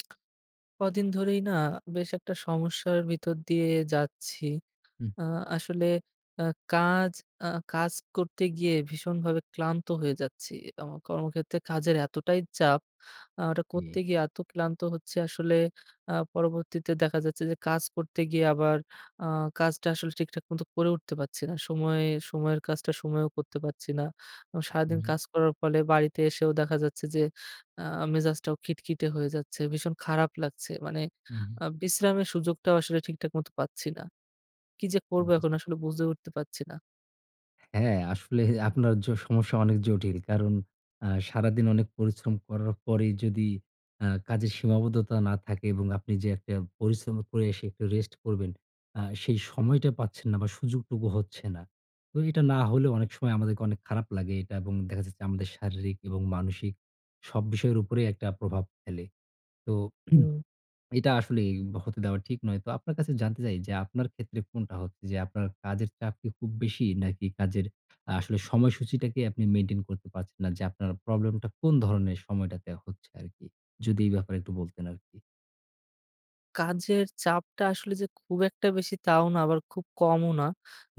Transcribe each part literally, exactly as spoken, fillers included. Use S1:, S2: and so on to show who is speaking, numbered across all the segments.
S1: কদিন ধরেই না বেশ একটা সমস্যার ভিতর দিয়ে যাচ্ছি।
S2: হু।
S1: আ আসলে আ কাজ আ কাজ করতে গিয়ে ভীষণভাবে ক্লান্ত হয়ে যাচ্ছি। আমার কর্মক্ষেত্রে কাজের এতটাই চাপ আ ওটা
S2: ইয়ে
S1: করতে গিয়ে এত ক্লান্ত হচ্ছি আসলে আ পরবর্তীতে দেখা যাচ্ছে যে কাজ করতে গিয়ে আবার আ কাজটা আসলে ঠিকঠাক মতো করে উঠতে পাচ্ছি না। সময়ে সময়ের কাজটা সময়েও করতে পাচ্ছি না। আ
S2: হু,
S1: সারাদিন
S2: হু।
S1: কাজ করার ফলে বাড়িতে এসেও দেখা যাচ্ছে যে আ মেজাজটাও খিটখিটে হয়ে যাচ্ছে। ভীষণ খারাপ লাগছে। মানে
S2: হু, হু।
S1: আ বিশ্রামের সুযোগটাও আসলে ঠিকঠাক মত পাচ্ছি না। কি যে
S2: উ
S1: করব এখন
S2: বুঝতে
S1: আসলে বুজে উঠতে পাচ্ছি না।
S2: হ্যাঁ, আসলে আপনার জ সমস্যা অনেক জটিল। কারণ আ সারাদিন অনেক পরিশ্রম করার পরেই যদি আ কাজের সীমাবদ্ধতা না থাকে এবং আপনি যে একটা পরিশ্রম করে এসে একটু রেস্ট করবেন, আ সেই সময়টা পাচ্ছেন না বা সুযোগটুকু হচ্ছে না। তো এটা না হলেও অনেক সময় আমাদেরকে অনেক খারাপ লাগে এটা এবং দেখা যাচ্ছে আমাদের শারীরিক এবং মানসিক সব বিষয়ের উপরেই একটা প্রভাব ফেলে। তো
S1: হুম।
S2: এটা আসলেই হতে দেওয়া ঠিক নয়। তো আপনার কাছে জানতে চাই যে আপনার ক্ষেত্রে কোনটা হচ্ছে যে, আপনার কাজের চাপ কি খুব বেশি? নাকি কাজের আসলে সময়সূচিটাকে আপনি মেইনটেইন করতে পারছেন না যে আপনার প্রবলেমটা কোন ধরনের সময়টাতে হচ্ছে আরকি? যদি এই ব্যাপারে একটু বলতেন আরকি।
S1: কাজের চাপটা আসলে যে খুব একটা বেশি, তাও না, আবার খুব কমও না।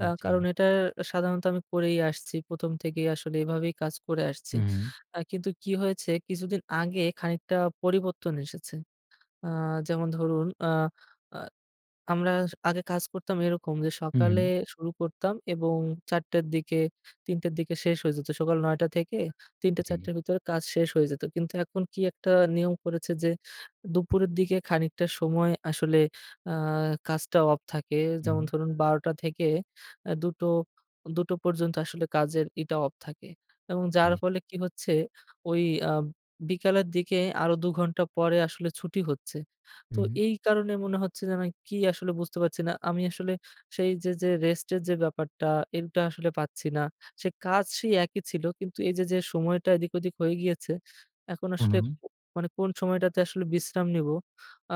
S2: উম জ্বী।
S1: কারণ, এটা সাধারণত আমি করেই আসছি। প্রথম থেকেই আসলে এভাবেই কাজ করে আসছি।
S2: হুম।
S1: আ কিন্তু কি হয়েছে কিছুদিন আগে, খানিকটা পরিবর্তন এসেছে। আ যেমন ধরুন আ আ আমরা আগে কাজ করতাম এরকম যে,
S2: হু,
S1: সকালে
S2: হুম।
S1: শুরু করতাম এবং চার টার দিকে তিন টার দিকে শেষ হয়ে যেত। সকাল নয় টা থেকে তিন টে চার
S2: জ্বী।
S1: টের ভেতরে কাজ শেষ হয়ে যেত। কিন্তু এখন কি একটা নিয়ম করেছে যে, দুপুরের দিকে খানিকটা সময় আসলে আ কাজটা অফ থাকে। যেমন
S2: হুম।
S1: ধরুন, বার টা থেকে এ দু টো, দু টো পর্যন্ত আসলে কাজের ইটা অফ থাকে। এবং যার
S2: জ্বী।
S1: ফলে কি হচ্ছে ওই আ বিকালের দিকে আরো দু ঘন্টা পরে আসলে ছুটি হচ্ছে। তো,
S2: হুম।
S1: এই কারণে মনে হচ্ছে যেন কি আসলে বুঝতে পারছি না। আমি আসলে সেই যে, যে রেস্ট এর যে ব্যাপারটা, এইটা আসলে পাচ্ছি না। সে কাজ সেই একই ছিল। কিন্তু এই যে, যে সময়টা এদিক ওদিক হয়ে গিয়েছে, এখন
S2: হু,
S1: আসলে
S2: হুম।
S1: মানে কোন সময়টাতে আসলে বিশ্রাম নিব,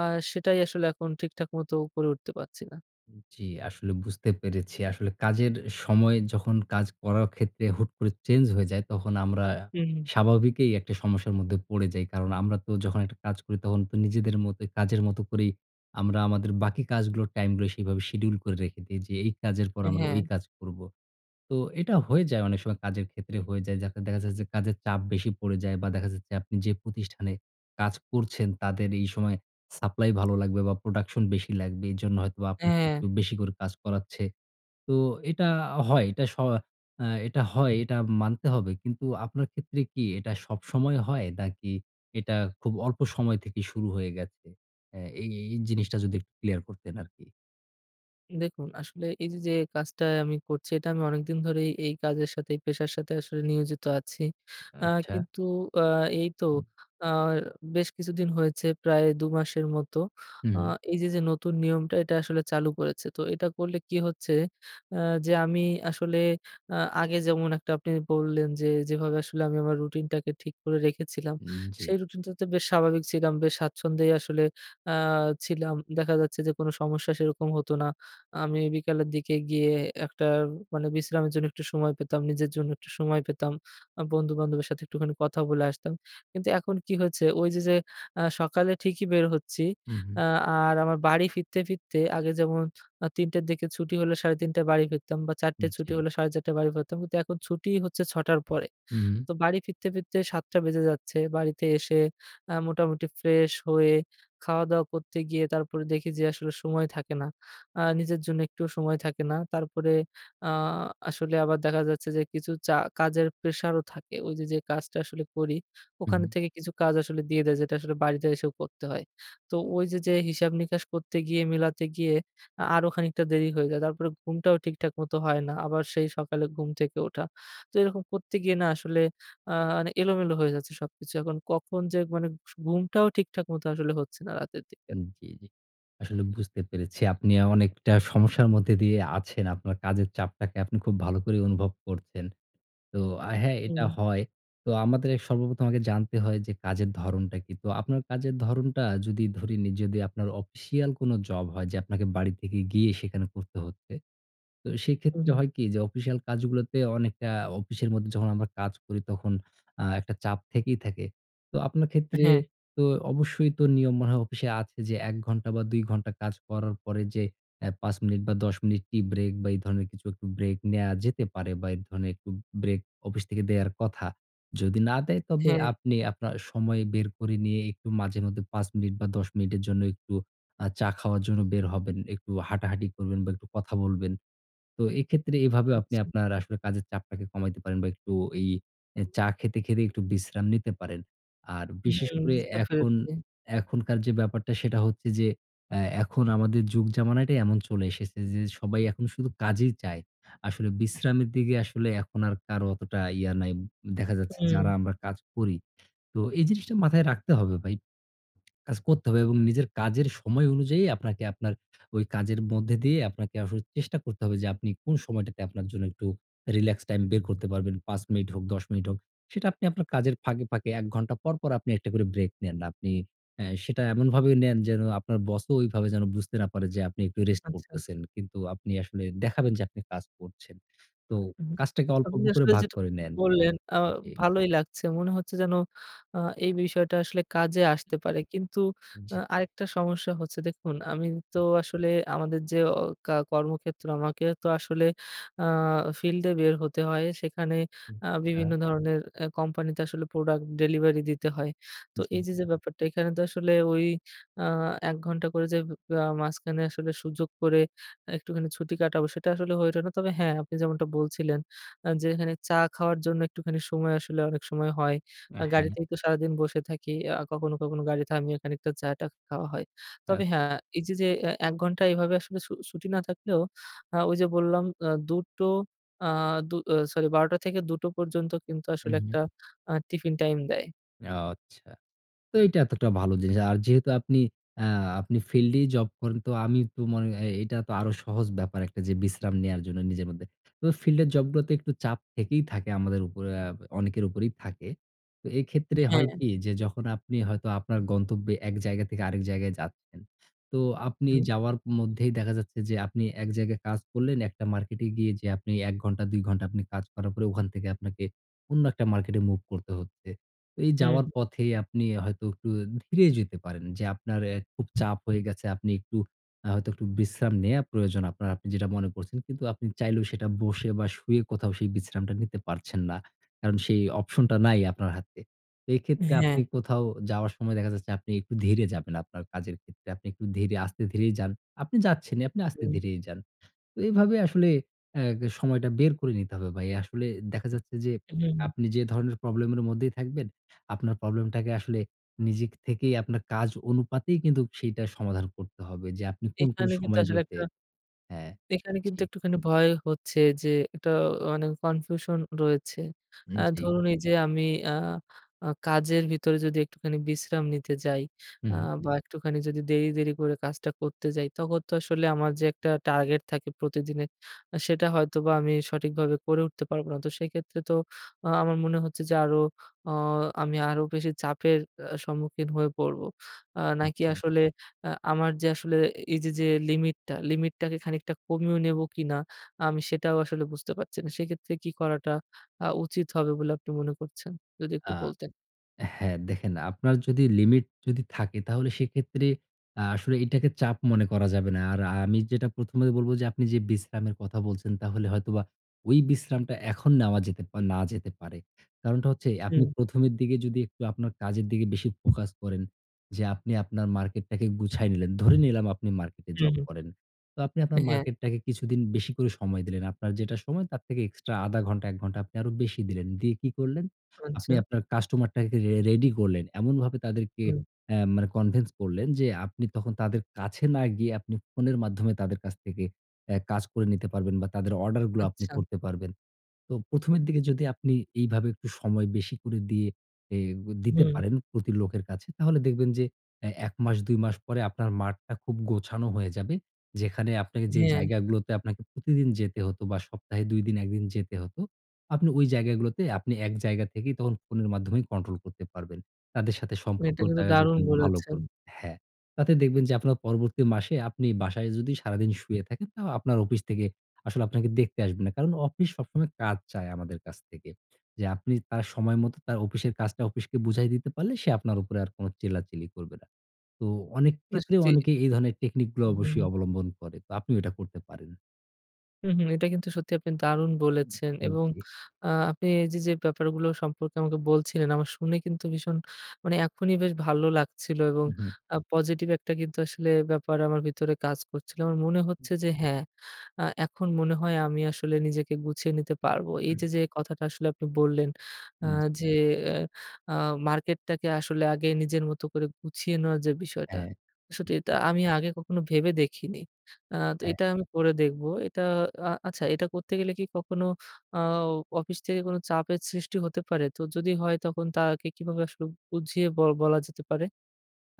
S1: আর সেটাই আসলে এখন ঠিকঠাক মতো করে উঠতে পাচ্ছি না।
S2: উম জি, আসলে বুঝতে পেরেছি। আসলে কাজের সময় যখন কাজ করার ক্ষেত্রে হুট করে চেঞ্জ হয়ে যায় তখন আমরা
S1: হুম।
S2: স্বাভাবিকই একটা সমস্যার মধ্যে পড়ে যাই। কারণ আমরা তো যখন একটা কাজ করি তখন তো নিজেদের মতোই কাজের মতো করেই আমরা আমাদের বাকি কাজগুলো, টাইমগুলো সেভাবে শিডিউল করে রেখে দেই যে এই কাজের পর
S1: এ
S2: আমরা
S1: হ্যাঁ।
S2: ওই কাজ করবো। তো এটা হয়ে যায় অনেক সময়। কাজের ক্ষেত্রে হয়ে যায়। যাতে দেখা যাচ্ছে যে কাজের চাপ বেশি পড়ে যায় বা দেখা যাচ্ছে আপনি যে প্রতিষ্ঠানে কাজ করছেন তাদের এই সময় সাপ্লাই ভালো লাগবে বা প্রোডাকশন বেশি লাগবে। এজন্য হয়তোবা
S1: এ
S2: আপনাকে
S1: হ্যাঁ।
S2: একটু বেশি করে কাজ করাচ্ছে। তো এটা আ হয়। এটা স আ এটা হয়। এটা মানতে হবে। কিন্তু আপনার ক্ষেত্রে কি এটা সবসময় হয় নাকি এটা খুব অল্প সময় থেকেই শুরু হয়ে গেছে? এ এই এই জিনিসটা যদি একটু ক্লিয়ার করতেন আরকি।
S1: দেখুন, আসলে এই যে যে কাজটা আমি করছি এটা আমি অনেকদিন ধরেই এই কাজের সাথে, এই পেশার সাথে আসলে নিয়োজিত আছি। আ
S2: আচ্ছা।
S1: কিন্তু আ এই তো
S2: উ।
S1: আ বেশ কিছুদিন হয়েছে প্রায় দু মাসের মত। আ
S2: হুম।
S1: এই যে যে নতুন নিয়মটা এটা আসলে চালু করেছে। তো এটা করলে কি হচ্ছে? আ যে আমি আসলে আ আগে যেমন একটা আপনি বললেন যে, যেভাবে আসলে আমি আমার রুটিনটাকে ঠিক করে রেখেছিলাম
S2: উম জি।
S1: সেই রুটিনটাতে বেশ স্বাভাবিক ছিলাম। বেশ স্বাচ্ছন্দ্যেই আসলে আ ছিলাম। দেখা যাচ্ছে যে কোন সমস্যা সেরকম হতো না। আমি বিকালের দিকে গিয়ে একটা মানে বিশ্রামের জন্য একটু সময় পেতাম। নিজের জন্য একটু সময় পেতাম। আ বন্ধু-বান্ধবের সাথে একটুখানি কথা বলে আসতাম। কিন্তু এখন কি হয়েছে ওই যে যে আ সকালে ঠিকই বের হচ্ছি।
S2: হুম, হুম।
S1: আ আর আমার বাড়ি ফিরতে, ফিরতে আগে যেমন আ তিনটা র দিকে ছুটি হলে সাড়ে তিনটায় বাড়ি ফিরতাম বা চারটে
S2: উম
S1: ছুটি
S2: জি।
S1: হলে সাড়ে চারটা য় বাড়ি ফিরতাম। কিন্তু এখন ছুটিই হচ্ছে ছটা র পরে।
S2: হুম।
S1: তো বাড়ি ফিরতে ফিরতে সাতটা বেজে যাচ্ছে। বাড়িতে এসে আ মোটামুটি ফ্রেশ হয়ে খাওয়া-দাওয়া করতে গিয়ে তারপরে দেখি যে আসলে সময় থাকে না। আ নিজের জন্য একটুও সময় থাকে না। তারপরে আ আসলে আবার দেখা যাচ্ছে যে কিছু চা কাজের প্রেশারও থাকে। ওই যে যে কাজটা আসলে করি,
S2: হুম।
S1: ওখান থেকে কিছু কাজ আসলে দিয়ে দেয় যেটা আসলে বাড়িতে এসেও করতে হয়। তো ওই যে যে হিসাব নিকাশ করতে গিয়ে মেলাতে গিয়ে আ আরো খানিকটা দেরি হয়ে যায়। তারপরে ঘুমটাও ঠিকঠাক মত হয় না। আবার সেই সকালে ঘুম থেকে ওঠা। তো এরকম করতে গিয়ে না আসলে আ নে এলোমেলো হয়ে যাচ্ছে সবকিছু। এখন কখন যে মানে সু ঘুমটাও ঠিকঠাক মতো আসলে হচ্ছে না রাতের দিকে।
S2: উম জি, জি। আসলে বুঝতে পেরেছি। আপনি অনেকটা সমস্যার মধ্যে দিয়ে আছেন। আপনার কাজের চাপটাকে আপনি খুব ভালো করে অনুভব করছেন। তো আ হ্যাঁ, এটা
S1: হুম।
S2: হয়। তো আমাদের সর্বপ্রথম আগে জানতে হয় যে কাজের ধরণটা কী। তো আপনার কাজের ধরণটা যদি ধরে নিই যদি আপনার অফিশিয়াল কোন জব হয় যে আপনাকে বাড়ি থেকে গিয়ে সেখানে করতে হচ্ছে। তো
S1: হু,
S2: সেক্ষেত্রে
S1: হুম।
S2: হয় কি? যে অফিসিয়াল কাজগুলোতে অনেকটা অফিসের মধ্যে যখন আমরা কাজ করি তখন আ একটা চাপ থেকেই থাকে। তো আপনার ক্ষেত্রে
S1: হ্যাঁ।
S2: তো অবশ্যই তো নিয়ম মনে হয় অফিসে আছে যে এক ঘন্টা বা দুই ঘন্টা কাজ করার পরে যে এ পাঁচ মিনিট বা দশ মিনিট টি-ব্রেক বা এই ধরনের কিছু একটা ব্রেক নেয়া যেতে পারে বা এই ধরনের একটু ব্রেক অফিস থেকে দেয়ার কথা। যদি না দেয় তবে
S1: হ্যাঁ।
S2: আপনি আপনার সময় বের করে নিয়ে একটু মাঝে মধ্যে পাঁচ মিনিট বা দশ মিনিটের জন্য একটু আ চা খাওয়ার জন্য বের হবেন। একটু হাঁটাহাঁটি করবেন বা একটু কথা বলবেন। তো এক্ষেত্রে এভাবেও আপনি
S1: আচ্ছা।
S2: আপনার আসলে কাজের চাপটাকে কমাইতে পারেন বা একটু এই আ চা খেতে, খেতে একটু বিশ্রাম নিতে পারেন। আর বিশেষ
S1: হুম,
S2: করে
S1: বুঝতে
S2: এখন
S1: পেরেছি।
S2: এখনকার যে ব্যাপারটা সেটা হচ্ছে যে এ এখন আমাদের যুগ-জামানাটাই এমন চলে এসেছে যে সবাই এখন শুধু কাজেই চায়। আসলে বিশ্রামের দিকে আসলে এখন আর কারো অতটা ইয়ে নাই, দেখা যাচ্ছে
S1: হুম।
S2: যারা আমরা কাজ করি। তো এই জিনিসটা মাথায় রাখতে হবে ভাই। কাজ করতে হবে এবং নিজের কাজের সময় অনুযায়ী আপনাকে আপনার ওই কাজের মধ্যে দিয়ে আপনাকে আসলে চেষ্টা করতে হবে যে আপনি কোন সময়টাতে আপনার জন্য একটু রিল্যাক্স টাইম বের করতে পারবেন। পাঁচ মিনিট হোক, দশ মিনিট হোক। সেটা আপনি আপনার কাজের ফাঁকে, ফাঁকে এক ঘণ্টা পর, পর আপনি একটা করে ব্রেক নেন। আপনি আ সেটা এমনভাবে নেন যেন আপনার বসও ওইভাবে যেন বুঝতে না পারে যে আপনি একটু রেস্ট
S1: আচ্ছা।
S2: করতেছেন। কিন্তু আপনি আসলে দেখাবেন যে আপনি কাজ করছেন। তো
S1: উম
S2: কাজটাকে অল্প,
S1: আপনি
S2: অল্প করে
S1: আসলে
S2: ভাগ
S1: যেটা
S2: করে নেন।
S1: বললেন আ
S2: জি।
S1: ভালোই লাগছে। মনে হচ্ছে যেন আ এই বিষয়টা আসলে কাজে আসতে পারে। কিন্তু আ
S2: জি।
S1: আরেকটা সমস্যা হচ্ছে। দেখুন, আমি তো
S2: হু।
S1: আসলে আমাদের যে ও কা কর্মক্ষেত্র, আমাকে তো আসলে আ ফিল্ডে বের হতে হয়। সেখানে আ
S2: আচ্ছা।
S1: বিভিন্ন ধরনের এ কোম্পানিতে আসলে প্রোডাক্ট ডেলিভারি দিতে হয়। তো
S2: জি,
S1: এই
S2: জি।
S1: যে যে ব্যাপারটা, এখানে তো আসলে ওই আ এক ঘণ্টা করে যে আ মাঝখানে আসলে সুযোগ করে একটুখানি ছুটি কাটাবো সেটা আসলে হয়ে উঠে না। তবে হ্যাঁ, আপনি যেমনটা বলছিলেন আ যে এখানে চা খাওয়ার জন্য একটুখানি সময় আসলে অনেক সময় হয়।
S2: আ
S1: আ
S2: হ্যাঁ।
S1: গাড়িতেই তো সারাদিন বসে থাকি। আ কখনো, কখনো গাড়ি থামিয়ে খানিকটা চাটা খাওয়া হয়। তবে
S2: আচ্ছ
S1: হ্যাঁ, এই যে যে এক ঘণ্টা এভাবে আসলে ছু ছুটি না থাকলেও আ ওই যে বললাম আ দু টো আ দু সরি বারোটা থেকে দুটো পর্যন্ত কিন্তু আসলে
S2: হুম,
S1: একটা
S2: হুম।
S1: আ টিফিন টাইম দেয়।
S2: অ আচ্ছা। তো এইটা এতোটা ভালো জিনিস। আর যেহেতু আপনি আ আপনি ফিল্ডেই জব করেন তো আমি তো মনে এ এটা তো আরো সহজ ব্যাপার একটা যে বিশ্রাম নেয়ার জন্য নিজের মধ্যে। তো ফিল্ডের জবগুলোতে একটু চাপ থেকেই থাকে আমাদের উপরে অ্যা অনেকের উপরেই থাকে। তো এক্ষেত্রে হয়
S1: হ্যাঁ।
S2: কি? যে যখন আপনি হয়তো আপনার গন্তব্যে এক জায়গা থেকে আরেক জায়গায় যাচ্ছেন, তো আপনি
S1: হু।
S2: যাওয়ার মধ্যেই দেখা যাচ্ছে যে আপনি এক জায়গায় কাজ করলেন একটা মার্কেটে গিয়ে যে আপনি এক ঘণ্টা, দুই ঘণ্টা কাজ করার পরে ওখান থেকে আপনাকে অন্য একটা মার্কেটে মুভ করতে হচ্ছে। এই
S1: হুম,
S2: যাওয়ার
S1: হু।
S2: পথেই আপনি হয়তো একটু ধীরে যেতে পারেন যে আপনার এ খুব চাপ হয়ে গেছে, আপনি একটু আ হয়তো একটু বিশ্রাম নেয়া প্রয়োজন আপনার, আপনি যেটা মনে করছেন কিন্তু আপনি চাইলেও সেটা বসে বা শুয়ে কোথাও সেই বিশ্রামটা নিতে পারছেন না। কারণ সেই অপশনটা নাই আপনার হাতে। তো এক্ষেত্রে
S1: হ্যাঁ।
S2: আপনি কোথাও যাওয়ার সময় দেখা যাচ্ছে আপনি একটু ধীরে যাবেন আপনার কাজের ক্ষেত্রে, আপনি একটু ধীরে আস্তে-ধীরেই যান। আপনি যাচ্ছেনিই আপনি
S1: হুম।
S2: আস্তে-ধীরেই যান। তো এভাবে আসলে অ্যাগ সময়টা বের করে নিতে হবে ভাই। আসলে দেখা যাচ্ছে যে
S1: হুম, হু।
S2: আপনি যে ধরনের প্রবলেমের মধ্যেই থাকবেন, আপনার প্রবলেমটাকে আসলে নিজে থেকেই আপনার কাজ অনুপাতেই কিন্তু সেইটা সমাধান করতে হবে যে আপনি কোন, কোন
S1: এখানে কিন্তু আসলে
S2: সময়গুলোতে
S1: একটা
S2: হ্যাঁ,
S1: এখানে কিন্তু
S2: জ্বী।
S1: একটুখানি ভয় হচ্ছে যে একটা অ মানে কনফিউশন রয়েছে।
S2: হুম,
S1: অ্যা
S2: জ্বী।
S1: ধরুন এইযে আমি আ আ কাজের ভিতরে যদি একটুখানি বিশ্রাম নিতে যাই আ
S2: হুম, হু।
S1: বা একটুখানি যদি দেরি, দেরি করে কাজটা করতে যাই তখন তো আসলে আমার যে একটা টার্গেট থাকে প্রতিদিনের, আ সেটা হয়তোবা আমি সঠিকভাবে করে উঠতে পারবোনা। তো সেক্ষেত্রে তো আ আমার মনে হচ্ছে যে আরো অ আমি আরো বেশি চাপের আ সম্মুখীন হয়ে পড়বো। আ নাকি
S2: আচ্ছা।
S1: আসলে আ আমার যে আসলে এ এইযে যে লিমিটটা, লিমিটটাকে খানিকটা কমিও নেবো কিনা? আমি সেটাও আসলে বুঝতে পারছি না। সেক্ষেত্রে কি করাটা আ উচিত হবে বলে আপনি মনে করছেন? যদি একটু
S2: আ
S1: বলতেন।
S2: হ্যাঁ, দেখেন আপনার যদি লিমিট যদি থাকে তাহলে সেক্ষেত্রে আ আসলে এটাকে চাপ মনে করা যাবে না। আর আ আমি যেটা প্রথমে বলবো যে, আপনি যেই বিশ্রামের কথা বলছেন তাহলে হয়তোবা ওই বিশ্রামটা এখন নেওয়া যেতে পা না যেতে পারে। কারণটা হচ্ছে আপনি
S1: উম।
S2: প্রথমের দিকে যদি একটু আপনার কাজের দিকে বেশি ফোকাস করেন যে, আপনি আপনার মার্কেটটাকে গুছায় নিলেন, ধরে নিলাম আপনি মার্কেটে
S1: হুম,
S2: জব
S1: হু।
S2: করেন। তো আপনি আপনার
S1: অ্যা হ্যাঁ।
S2: মার্কেটটাকে কিছুদিন বেশি করে সময় দিলেন, আপনার যেটা সময় তার থেকে এক্সট্রা আধা ঘণ্টা, এক ঘণ্টা আপনি আরো বেশি দিলেন। দিয়ে কি করলেন? আপনি
S1: আচ্ছা।
S2: আপনার কাস্টমারটাকে রে রেডি করলেন। এমনভাবে তাদেরকে
S1: হুম।
S2: অ্যা মানে কনভিন্স করলেন যে আপনি তখন তাদের কাছে না গিয়ে আপনি ফোনের মাধ্যমে তাদের কাছ থেকে অ্যা কাজ করে নিতে পারবেন বা তাদের অর্ডারগুলো আপনি
S1: আচ্ছা।
S2: করতে পারবেন। তো প্রথমের দিকে যদি আপনি এইভাবে একটু সময় বেশি করে দিয়ে এ গ দিতে
S1: হুম।
S2: পারেন প্রতি লোকের কাছে তাহলে দেখবেন যে অ্যা এক মাস, দুই মাস পরে আপনার মাঠটা খুব গোছানো হয়ে যাবে। যেখানে আপনাকে যে
S1: হ্যাঁ।
S2: জায়গাগুলোতে আপনাকে প্রতিদিন যেতে হতো বা সপ্তাহে দুই দিন, এক দিন যেতে হতো। আপনি ওই জায়গাগুলোতে আপনি এক জায়গা থেকেই তখন ফোনের মাধ্যমে কন্ট্রোল করতে পারবেন। তাদের সাথে
S1: না, এটা
S2: সম্পর্কটা
S1: কিন্তু
S2: তারা
S1: দারুণ
S2: যখন ভালো
S1: বলেছেন।
S2: করব হ্যাঁ, তাতে দেখবেন যে আপনার পরবর্তী মাসে আপনি বাসায় যদি সারাদিন শুয়ে থাকেন, তাও আপনার অফিস থেকে আসলে আপনাকে দেখতে আসবে না, কারণ অফিস সবসময় কাজ চায় আমাদের কাছ থেকে। যে আপনি তার সময় মতো তার অপিসের কাজটা অপিস্কে বুঝায় দিতে পারলে সে আপনার উপরে আর কোনো চিল্লাচিলি করবে না। তো অনেক
S1: না,
S2: ক্ষেত্রে
S1: সত্যি।
S2: অনেকে এই ধরনের টেকনিকগুলো
S1: উহু,
S2: অবশ্যই
S1: হু।
S2: অবলম্বন করে। তো আপনি এটা করতে পারেন।
S1: উহু এটা কিন্তু সত্যি আপনি দারুণ
S2: উ
S1: বলেছেন
S2: হু,
S1: এবং
S2: জি।
S1: আ আপনি এই যে যে ব্যাপারগুলো সম্পর্কে আমাকে বলছিলেন আমার শুনে কিন্তু ভীষণ মানে এখনই বেশ ভালো লাগছিলো এবং
S2: উ হু।
S1: আ পজিটিভ একটা কিন্তু আসলে ব্যাপার আমার ভিতরে কাজ করছিলো। আমার মনে
S2: হু।
S1: হচ্ছে যে হ্যাঁ, আ এখন মনে হয় আমি আসলে নিজেকে গুছিয়ে নিতে পারবো। এই যে যে কথাটা আসলে আপনি বললেন আ
S2: হুম। জ
S1: যে আ মার্কেটটাকে আসলে আগে নিজের মতো করে গুছিয়ে নেওয়া যে বিষয়টা।
S2: হ্যাঁ,
S1: সত্যি এটা
S2: জি।
S1: আমি আগে কখনো ভেবে দেখিনি। আ তো
S2: হ্যাঁ।
S1: এটা আমি করে দেখবো। এটা আ আচ্ছা এটা করতে গেলে কি কখনো আ অফিস থেকে কোনো চাপের সৃষ্টি হতে পারে? তো যদি হয় তখন তাকে কিভাবে আসলে বুঝিয়ে বল বলা যেতে পারে?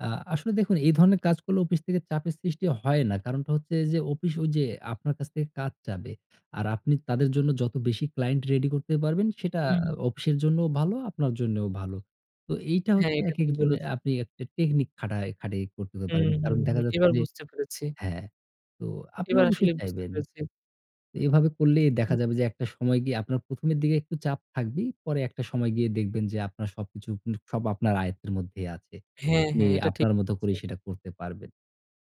S2: আ আসলে দেখুন এই ধরনের কাজ করলে অপিস থেকে চাপের সৃষ্টি হয় না। কারণটা হচ্ছে যে অফিস ওই যে আপনার কাছ থেকে কাজ চাবে আর আপনি তাদের জন্য যতো বেশি ক্লায়েন্ট রেডি করতে পারবেন সেটা
S1: হু,
S2: আ
S1: হুম।
S2: অফিসের জন্যও ভালো, আপনার জন্যও ভালো। তো এইটা
S1: হ্যাঁ,
S2: হচ্ছে
S1: এটা
S2: একেক
S1: ঠিক
S2: জনের
S1: বলেছেন।
S2: আপনি একটা টেকনিক খাটায় খাটাই করতে
S1: হু,
S2: পারেন।
S1: হু,
S2: কারণ
S1: হুম।
S2: দেখা যাচ্ছে
S1: এবার
S2: যে
S1: বুঝতে পেরেছি।
S2: হ্যাঁ, তো আপনি
S1: এবার
S2: অবশ্যই
S1: আসলেই বুঝতে
S2: চাইবেন।
S1: পেরেছি।
S2: এইভাবে করলেই দেখা
S1: হুম।
S2: যাবে যে একটা সময় গিয়ে আপনার প্রথমের দিকে একটু চাপ থাকবেই। পরে একটা সময় গিয়ে দেখবেন যে আপনার সবকিছু স সব আপনার আয়ত্তের মধ্যেই আছে।
S1: হ্যাঁ,
S2: আপনি
S1: হ্যাঁ। এটা ঠিক।
S2: আপনার মতো
S1: জি।
S2: করেই সেটা করতে পারবেন।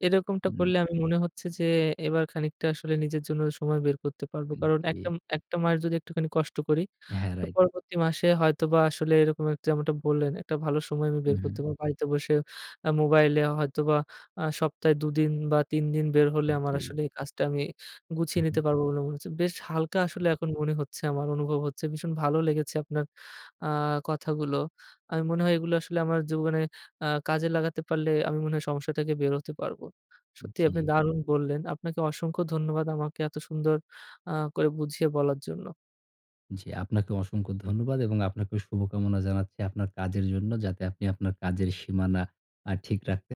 S1: এরকমটা
S2: হু।
S1: করলে আমি মনে হচ্ছে যে এবার খানিকটা আসলে নিজের জন্য সময় বের করতে পারবো।
S2: হু,
S1: কারণ একটা
S2: জি।
S1: একটা মাস যদি একটুখানি কষ্ট করি
S2: হ্যাঁ,
S1: তো
S2: রাইট।
S1: পরবর্তী মাসে হয়তোবা আসলে এরকম একটা যেমনটা বললেন একটা ভালো সময় আমি
S2: হু,
S1: বের করতে
S2: হু।
S1: পারবো। বাড়িতে বসে আ মোবাইলে হয়তোবা আ সপ্তাহে দু দিন বা তিন দিন বের হলে
S2: হু,
S1: আমার
S2: জি।
S1: আসলে এই কাজটা আমি
S2: আ
S1: গুছিয়ে
S2: হু।
S1: নিতে পারবো বলে মনে হচ্ছে। বেশ হালকা আসলে এখন মনে হচ্ছে আমার। অনুভব হচ্ছে। ভীষণ ভালো লেগেছে আপনার আ কথাগুলো। আমি মনে হয় এগুলো আসলে আমার জীবনে আ কাজে লাগাতে পারলে আমি মনে হয় সমস্যা থেকে বের হতে পারবো।
S2: উ
S1: সত্যিই আপনি
S2: জি।
S1: দারুণ বললেন। আপনাকে অসংখ্য ধন্যবাদ আমাকে এত সুন্দর আ করে বুঝিয়ে বলার জন্য।
S2: জি আপনাকেও অসংখ্য ধন্যবাদ এবং আপনাকে শুভকামনা জানাচ্ছি আপনার কাজের জন্য। যাতে আপনি আপনার কাজের সীমানা আ ঠিক রাখতে